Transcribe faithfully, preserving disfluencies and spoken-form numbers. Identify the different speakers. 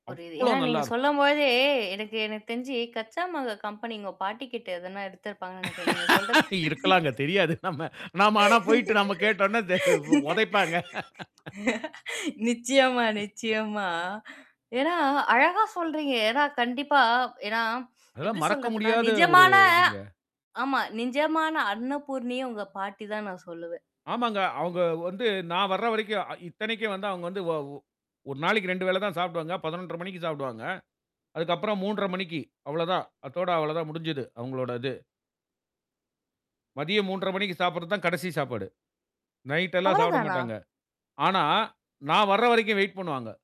Speaker 1: புரியுது.
Speaker 2: அவ்ளோ
Speaker 1: ஏன்னா நீங்க
Speaker 2: நல்லா இருக்கும்.
Speaker 1: சொல்லும்போதே, எனக்கு எனக்கு தெரிஞ்சு Kaccha Mango கம்பெனி உங்க பாட்டிகிட்ட எதனா எடுத்திருப்பாங்கன்னு நினைக்கிறேன், நீங்க சொல்றது
Speaker 2: இருக்கலாங்க. தெரியாது நம்ம. நம்ம ஆனா போய்ட்டு நம்ம கேட்டோம்னா தெ உதைப்பாங்க.
Speaker 1: நிச்சயமா, நிச்சயமா. ஏன்னா, அழகா சொல்றீங்க. ஏன்னா, கண்டிப்பா ஏன்னா, எப்படி
Speaker 2: அதெல்லாம் மறக்க
Speaker 1: சொல்றதுனா,
Speaker 2: முடியாத ஒரு
Speaker 1: நிஜமான
Speaker 2: இதுங்க.
Speaker 1: ஆமா, நிஜமான அன்னபூர்ணியே உங்க பாட்டி தான்னு நான் சொல்லுவேன்.
Speaker 2: ஆமாங்க. அவங்க வந்து நான் வர்ற வரைக்கும் இத்தனைக்கும் வந்து அவங்க வந்து வ ஒ ஒரு நாளைக்கு ரெண்டு வேளை தான் சாப்பிடுவாங்க. பதினொன்றரை மணிக்கு சாப்பிடுவாங்க. அதுக்கு அப்புறம் மூன்றரை மணிக்கு அவ்வளவுதான். அதோட அவ்வளோ தான் முடிஞ்சது, அவங்களோட இது. மதியம் மூன்றரை மணிக்கு சாப்பிடுறது தான் கடைசி சாப்பாடு. நைட் எல்லாம் சாப்பிட
Speaker 1: அவ்வளதானா?
Speaker 2: மாட்டாங்க. ஆனா, நான் வர்ற வரைக்கும் வெயிட் பண்ணுவாங்க.